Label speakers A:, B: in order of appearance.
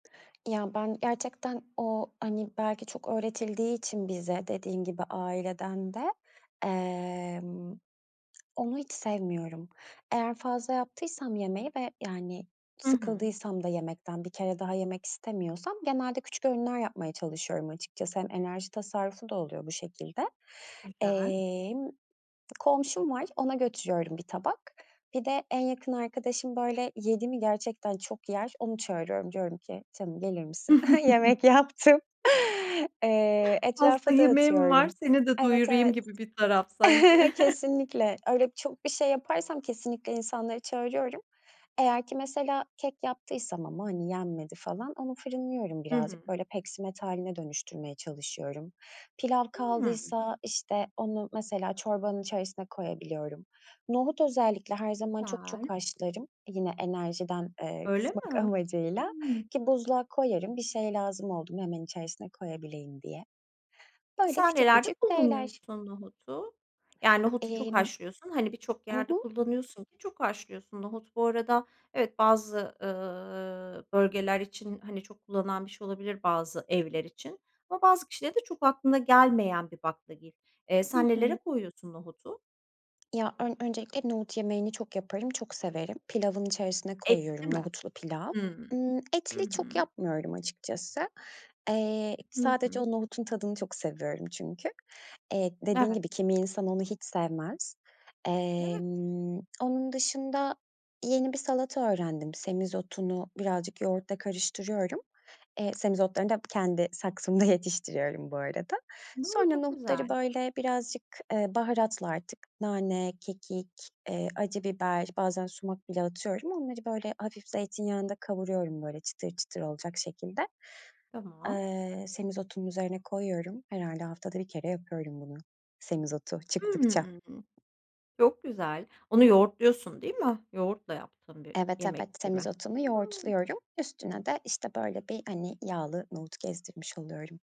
A: Ya ben gerçekten o, hani, belki çok öğretildiği için bize dediğin gibi aileden de, emm, onu hiç sevmiyorum. Eğer fazla yaptıysam yemeği ve, yani,
B: Hı hı.
A: sıkıldıysam da yemekten bir kere daha yemek istemiyorsam genelde küçük öğünler yapmaya çalışıyorum açıkçası. Hem enerji tasarrufu da oluyor bu şekilde.
B: Güzel.
A: Emm, komşum var, ona götürüyorum 1 tabak. Bir de en yakın arkadaşım, böyle, yedi mi gerçekten çok yer. Onu çağırıyorum, diyorum ki, "Canım gelir misin? Yemek yaptım." Eee,
B: "Fazla
A: etrafa
B: yemeğim var,
A: dağıtıyorum.
B: seni de
A: Evet,
B: doyurayım."
A: evet.
B: gibi bir taraf sanki.
A: Kesinlikle. Öyle çok bir şey yaparsam kesinlikle insanları çağırıyorum. Eğer ki mesela kek yaptıysam ama, hani, yenmedi falan onu fırınlıyorum
B: Hı hı.
A: birazcık. Böyle, peksimet hâline dönüştürmeye çalışıyorum. Pilav
B: Hımm.
A: kaldıysa, işte, onu mesela çorbanın içerisine koyabiliyorum. Nohut özellikle her zaman çok çok
B: Güzel.
A: haşlarım. Yine enerjiden, eee,
B: Öyle
A: kısmak
B: mi?
A: amacıyla
B: Hımm.
A: ki buzluğa koyarım bir şey lazım oldu mu, hemen içerisine koyabileyim diye. Böyle
B: Mesela
A: küçük
B: nelerde
A: küçük şeyler.
B: kullanıyorsun nohudu? Ya, nohudu çok
A: Emm.
B: haşlıyorsun, hani, birçok
A: Hı
B: yerde
A: hı.
B: kullanıyorsun ki çok haşlıyorsun. Nohut bu arada, evet, bazı, ııı, bölgeler için, hani, çok kullanılan bir şey olabilir, bazı evler için. Ama bazı kişilere de çok aklına gelmeyen bir baklagil. Eee,
A: Hı
B: sen
A: hı.
B: nelere koyuyorsun nohudu?
A: Ya, ön öncelikle nohut yemeğini çok yaparım, çok severim. Pilavın içerisine
B: Etli
A: koyuyorum,
B: mi?
A: nohutlu pilav.
B: Hımm.
A: Imm,
B: Hı
A: etli çok
B: hı.
A: yapmıyorum açıkçası. Eee,
B: Hı
A: sadece
B: hı.
A: o nohutun tadını çok seviyorum çünkü. Eee, dediğin
B: Evet.
A: gibi kimi insan onu hiç sevmez.
B: Evet.
A: Emm, onun dışında yeni bir salata öğrendim, semizotunu birazcık yoğurtla karıştırıyorum. Eee, semizotlarını da kendi saksımda yetiştiriyorum bu arada.
B: Hımm,
A: Sonra
B: çok
A: nohutları,
B: güzel.
A: böyle, birazcık, eee, baharatla artık nane, kekik, eee, acı biber bazen sumak bile atıyorum onları, böyle, hafif zeytinyağında kavuruyorum, böyle, çıtır çıtır olacak şekilde
B: Tamam.
A: Eee, semizotunun üzerine koyuyorum. Herhâlde haftada 1 kere yapıyorum bunu semizotu çıktıkça.
B: Hımm, çok güzel. Onu yoğurtluyorsun, değil mi? Yoğurtla yaptığın bir
A: Evet, evet.
B: yemek gibi mi?
A: Semizotumu
B: Hımm.
A: yoğurtluyorum, üstüne de, işte, böyle bir hani yağlı nohut gezdirmiş oluyorum.